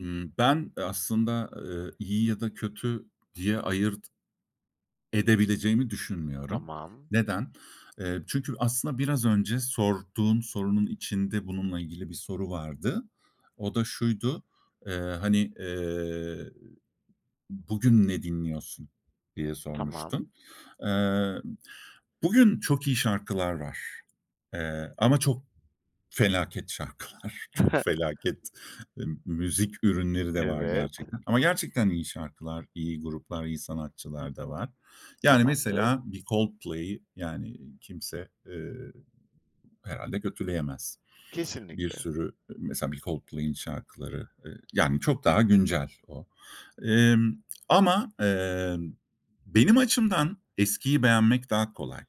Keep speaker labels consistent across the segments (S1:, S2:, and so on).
S1: Imm, ben, eee, aslında, eee, iyi ya da kötü diye ayırt edebileceğimi düşünmüyorum.
S2: Tamam.
S1: Neden? Eee, çünkü aslında biraz önce sorduğum sorunun içinde bununla ilgili bir soru vardı. O da şuydu. Eee, hani, eee, "Bugün ne dinliyorsun?" diye
S2: Tamam.
S1: sormuştun. Eee, bugün çok iyi şarkılar var, eee, ama çok felaket şarkılar. Çok felaket, ımm, müzik ürünleri de var
S2: Evet.
S1: gerçekten ama gerçekten iyi şarkılar, iyi gruplar, iyi sanatçılar da var. Yani
S2: Tamamdır.
S1: mesela bir Coldplay'i, yani, kimse, eee, herhâlde kötüleyemez. Bir
S2: Kesinlikle.
S1: sürü mesela bir Coldplay'in şarkıları, eee, yani çok daha güncel o. Emm, ama, emm, benim açımdan eskiyi beğenmek daha kolay.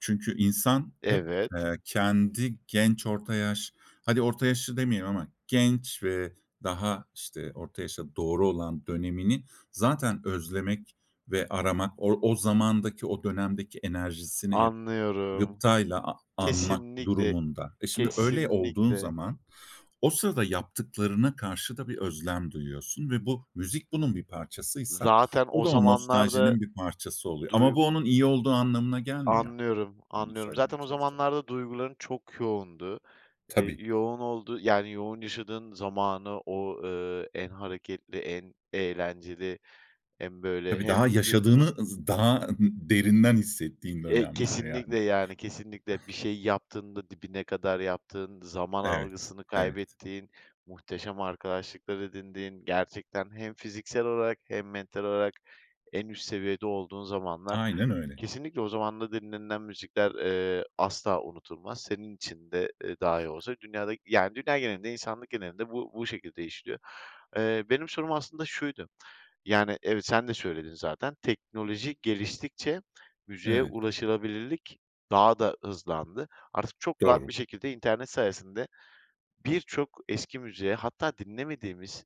S1: Çünkü insan hep,
S2: Evet.
S1: eee, kendi genç orta yaş hadi orta yaşlı demeyelim ama genç ve daha, işte, orta yaşa doğru olan dönemini zaten özlemek ve aramak o o zamandaki, o dönemdeki enerjisini hep
S2: Anlıyorum.
S1: gıptayla a anmak
S2: Kesinlikle,
S1: durumunda. E, şimdi, öyle olduğun
S2: kesinlikle.
S1: zaman o sırada yaptıklarına karşı da bir özlem duyuyorsun ve bu müzik bunun bir parçasıysa
S2: Zaten
S1: o
S2: o
S1: da o
S2: zamanlarda.
S1: nostaljinin bir parçası oluyor ama
S2: Duy
S1: bu onun iyi olduğu anlamına gelmiyor.
S2: Anlıyorum,
S1: Onu
S2: anlıyorum.
S1: söylemeye
S2: Zaten o
S1: çalışıyorum.
S2: zamanlarda duyguların çok yoğundu. Eee,
S1: Tabii.
S2: yoğun olduğu yani yoğun yaşadığın zamanı o, ııı, en hareketli, en eğlenceli hem, böyle,
S1: Tabii, daha
S2: hem
S1: yaşadığını
S2: vücudunun
S1: ız daha ı derinden hissettiğin
S2: Eee,
S1: dönemler yani.
S2: kesinlikle yani kesinlikle bir şey yaptığında dibine kadar yaptığın, zaman
S1: Evet.
S2: algısını
S1: Evet.
S2: kaybettiğin, muhteşem arkadaşlıklar edindiğin, gerçekten hem fiziksel olarak hem mental olarak en üst seviyede olduğun zamanlar.
S1: Aynen öyle.
S2: Kesinlikle o zamanda dinlenilen müzikler, eee, asla unutulmaz. Senin için de, eee, dahi olsa dünyada yani dünya genelinde, insanlık genelinde bu bu şekilde işliyor. Eee, benim sorum aslında şuydu, yani evet sen de söyledin zaten. Teknoloji geliştikçe müziğe
S1: Evet.
S2: ulaşılabilirlik daha da hızlandı. Artık çok rahat
S1: Doğru.
S2: bir şekilde internet sayesinde birçok eski müziğe hatta dinlemediğimiz,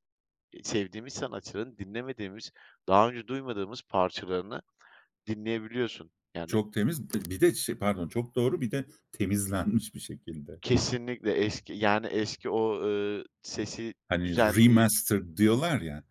S2: e sevdiğimiz sanatçıların dinlemediğimiz, daha önce duymadığımız parçalarını dinleyebiliyorsun. Yani
S1: Çok temiz. Bir de şey Pardon. Çok doğru, bir de temizlenmiş bir şekilde.
S2: Kesinlikle. Eski yani eski o, ııı, sesi
S1: Hani,
S2: düzenleyip
S1: remastered diyorlar ya.